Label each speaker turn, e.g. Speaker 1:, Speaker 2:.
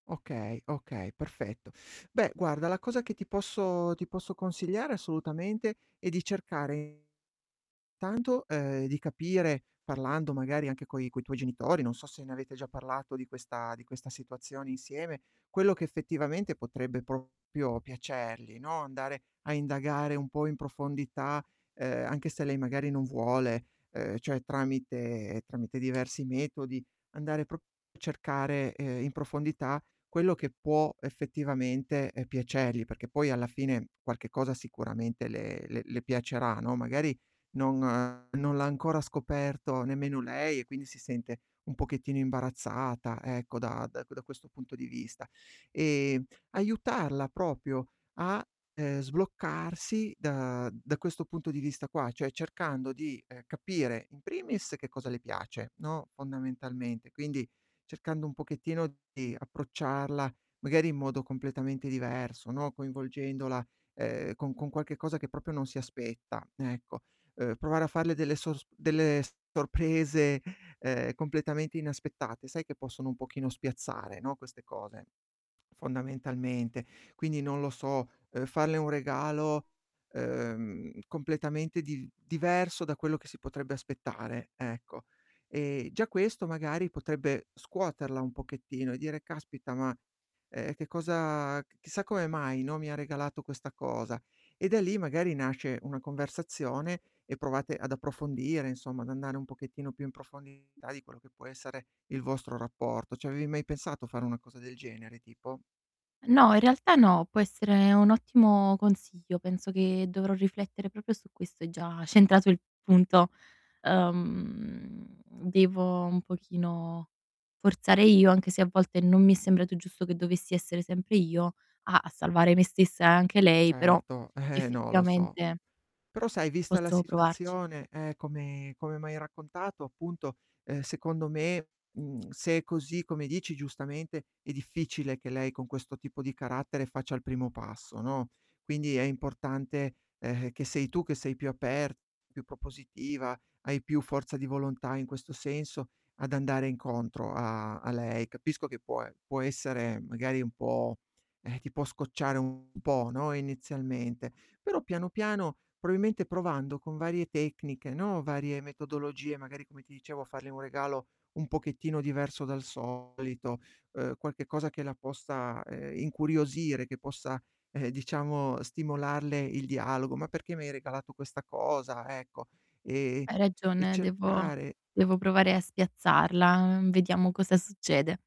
Speaker 1: Okay, okay, perfetto. Beh guarda la cosa che ti posso ti posso consigliare assolutamente è di cercare intanto uhm, di capire, parlando magari anche coi coi tuoi genitori, non so se ne avete già parlato di questa di questa situazione insieme, quello che effettivamente potrebbe proprio piacergli, no, andare a indagare un po' in profondità, uhm, anche se lei magari non vuole, uhm, cioè tramite tramite diversi metodi, andare prop a cercare, ehm, in profondità quello che può effettivamente, uhm, piacergli, perché poi alla fine qualche cosa sicuramente le le le piacerà, no, magari non non l'ha ancora scoperto nemmeno lei e quindi si sente un pochettino imbarazzata, ecco, da da da questo punto di vista. E aiutarla proprio a, uhm, sbloccarsi da da questo punto di vista qua, cioè cercando di, ehm, capire in primis che cosa le piace, no, fondamentalmente. Quindi, cercando un pochettino di approcciarla magari in modo completamente diverso, no, coinvolgendola, uhm, con con qualche cosa che proprio non si aspetta, ecco. Uhm, provare a farle delle sos delle sorprese, ehm, completamente inaspettate. Sai che possono un pochino spiazzare, no, queste cose, fondamentalmente. Quindi non lo so, uhm, farle un regalo, uhm, completamente div diverso da quello che si potrebbe aspettare, ecco. E già questo magari potrebbe scuoterla un pochettino e dire: "Caspita, ma, uhm, che cosa c chissà come mai, no, mi ha regalato questa cosa?" E da lì, magari nasce una conversazione e provate ad approfondire insomma, ad andare un pochettino più in profondità di quello che può essere il vostro rapporto. Ci avevi mai pensato a fare una cosa del genere tipo?
Speaker 2: No, in realtà no, può essere un ottimo consiglio, penso che dovrò riflettere proprio su questo, hai già centrato il punto. Uhm, devo un pochino forzare io anche se a volte non mi è sembrato giusto che dovessi essere sempre io a a salvare me stessa e anche lei, però
Speaker 1: Certo, eh, no lo so.
Speaker 2: effettivamente
Speaker 1: Però sai vista la
Speaker 2: posso provarci.
Speaker 1: situazione, eh, come come m'hai raccontato appunto, uhm, secondo me, mhmm, se è così, come dici giustamente, è difficile che lei con questo tipo di carattere faccia il primo passo, no, quindi è importante, ehm, che sei tu che sei più aperta, più propositiva, hai più forza di volontà in questo senso ad andare incontro a a lei. Capisco che può e può essere magari un po' eh, ti può scocciare un po', no, inizialmente. Però piano piano probabilmente provando con varie tecniche, no, varie metodologie magari come ti dicevo a fargli un regalo un pochettino diverso dal solito, uhm, qualche cosa che la possa, ehm, incuriosire, che possa, eh, diciamo stimolarle il dialogo: "Ma perché mi hai regalato questa cosa?" Ecco. Ehm,
Speaker 2: Hai
Speaker 1: e
Speaker 2: ragione devo
Speaker 1: cercare
Speaker 2: devo provare a spiazzarla, vediamo cosa succede.